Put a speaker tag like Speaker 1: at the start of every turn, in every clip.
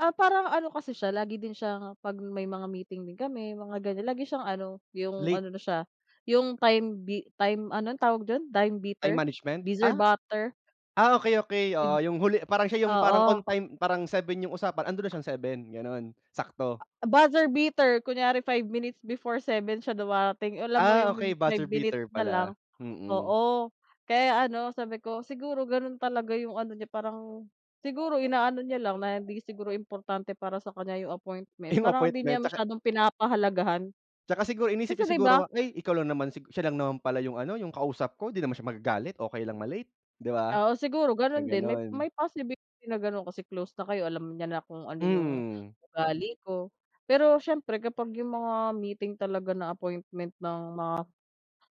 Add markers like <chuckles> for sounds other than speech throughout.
Speaker 1: Ah, parang ano, kasi siya lagi din siyang, pag may mga meeting din kami mga ganyan lagi siyang ano, yung
Speaker 2: Late.
Speaker 1: ano na siya, yung time bi time anun, tawag dun time
Speaker 2: Ay
Speaker 1: beater,
Speaker 2: management,
Speaker 1: bizzer
Speaker 2: ah,
Speaker 1: butter?
Speaker 2: ah, okay, okay, oo,
Speaker 1: Id
Speaker 2: yung huli parang siya yung, parang on
Speaker 1: Oo.
Speaker 2: time parang 7 yung usapan andun na siyang 7 ganon sakto.
Speaker 1: A buzzer beater, kunyari 5 minutes before 7 siya dumarating alam mo
Speaker 2: Ah,
Speaker 1: yung mim
Speaker 2: okey,
Speaker 1: 5
Speaker 2: buzzer
Speaker 1: minutes
Speaker 2: beater
Speaker 1: na lang,
Speaker 2: pala, mhm.
Speaker 1: oo, kaya ano sabi ko "siguro ganun talaga yung ano, niya parang siguro inaano niya lang, na hindi siguro importante para sa kanya yung appointment
Speaker 2: Yung
Speaker 1: parang hindi niya
Speaker 2: appointment 'tsaka.
Speaker 1: masyadong pinapahalagahan".
Speaker 2: 'Tsaka siguro, inisip
Speaker 1: Kasi
Speaker 2: niya
Speaker 1: 'di ba
Speaker 2: siguro, ay, ikaw lang naman si siya lang naman pala yung ano yung, kausap ko di naman siya magagalit, okay lang ma late 'di ba?
Speaker 1: Oo, siguro ganun din may may
Speaker 2: Gaganun.
Speaker 1: possibility na ganon kasi close na kayo alam niya na kung ano yung,
Speaker 2: Mhm.
Speaker 1: ugali ko, pero, siyempre kapag yung mga meeting talaga na appointment ng mga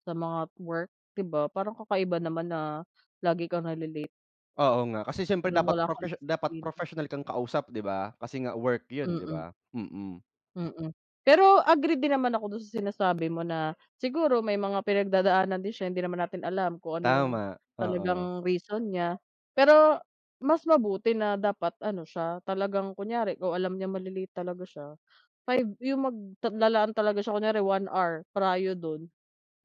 Speaker 1: sa mga work 'di ba parang kakaiba naman na, lagi kang nale-late.
Speaker 2: Oo nga kasi siyempre
Speaker 1: Parang
Speaker 2: dapat
Speaker 1: wala kang
Speaker 2: professio dapat
Speaker 1: disiplina.
Speaker 2: professional kang kausap 'di ba? Kasi nga work yun 'di
Speaker 1: Mm.
Speaker 2: ba? Mm.
Speaker 1: Mm, pero, agree din naman ako dun sa, sinasabi mo na, "siguro may mga pinagdadaanan din siya hindi naman natin alam kung ano yung
Speaker 2: Tama oo.
Speaker 1: talagang reason niya," pero, mas mabuti na dapat ano siya, talagang kunyari, kung alam niyang male-late talaga siya, 5 yung magta lalaan talaga siya kunyari 1 hour prio dun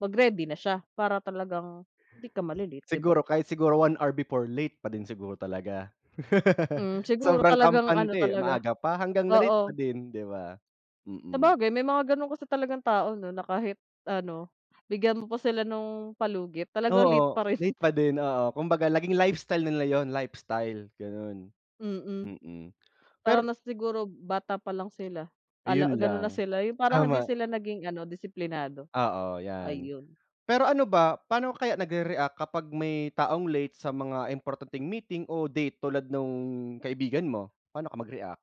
Speaker 1: mag-ready na siya para talagang hindi ka male-late 'di ba?
Speaker 2: Siguro, kahit siguro 1 hour before late pa din siguro talaga. <laughs>
Speaker 1: Hmm, siguro
Speaker 2: Sobrang
Speaker 1: talagang, ano
Speaker 2: kampante, eh,
Speaker 1: talaga,
Speaker 2: maaga pa, hanggang na-late pa
Speaker 1: oo.
Speaker 2: din 'di ba? Mm.
Speaker 1: Sabagay, may mga ganun kasi talagang tao 'no, na, kahit ano, bigyan mo pa sila nung palugit talagang late
Speaker 2: Oo,
Speaker 1: pa rin.
Speaker 2: late
Speaker 1: <chuckles>
Speaker 2: pa din, oo, kumbaga naging lifestyle nila yun lifestyle ganon,
Speaker 1: Mm,
Speaker 2: mm. Pero
Speaker 1: parang na siguro, bata pa lang sila, ala
Speaker 2: Ayun
Speaker 1: ganon
Speaker 2: lang
Speaker 1: na sila, yung parang hindi
Speaker 2: tama.
Speaker 1: sila naging ano disiplinado,
Speaker 2: Oo, yan.
Speaker 1: ayun.
Speaker 2: Pero ano ba? Paano kaya nagrereact kapag may taong late sa mga importanteng meeting o date tulad nung kaibigan mo, paano ka mag-react?